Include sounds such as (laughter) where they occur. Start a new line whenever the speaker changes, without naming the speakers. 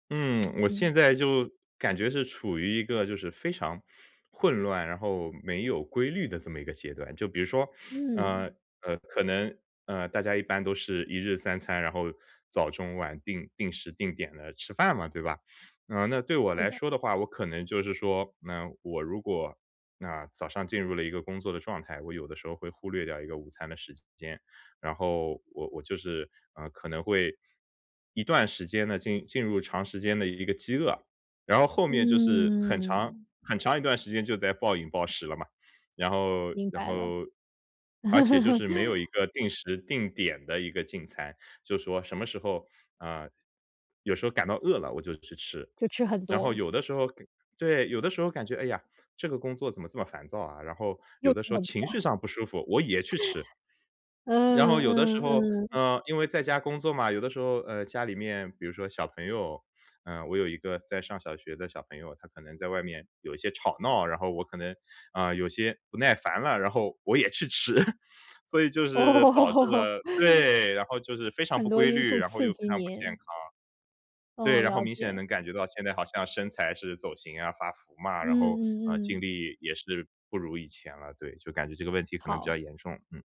嗯，(tsk) 我
嗯。
现在就感觉是处于一个就是非常混乱，然后没有规律的这么一个阶段。就比如说，啊，
嗯。
呃，可能，呃，大家一般都是一日三餐，然后早中晚定定时定点地吃饭嘛，对吧？啊，那对我
好
来
的。
说的话，我可能就是说，那我如果，那早上进入了一个工作的状态，我有的时候会忽略掉一个午餐的时间，然后我我就是，呃，可能会一段时间地进进入长时间的一个饥饿，然后后面就是很长
嗯。
很长一段时间就在暴饮暴食了嘛，然后
明
然
白了。
后，而且就是没有一
(chuckles)
个定时定点的一个进餐，就是说什么时候啊，有时候感到饿了我就去吃，
就吃很
然后
多。
有的时候感对，有的时候感觉，哎呀，这个工作怎么这么烦躁啊，然后
又
有
吃
的时候
很
情绪
多。
上不舒服我也去吃。
(chuckles)
然后
嗯
有的时
嗯
候，
嗯。
呃，因为在家工作嘛，有的时候，呃，家里面比如说小朋友。呃，我有一个在上小学的小朋友，他可能在外面有一些吵闹，然后我可能，呃，有些不耐烦了，然后我也去吃。所以就是导致
哦。
了对，然后就是非常
很
不
多
规
因
律，
素
然后
刺
又非
激
常不健康。
你。
对，
嗯，
然后
了
明显
解。
能感觉到现在好像身材是走形啊、发福嘛，
嗯
然后，呃，
嗯
精
嗯。
力也是不如以前了。对，就感觉这个问题可能比
好。
较严重，嗯。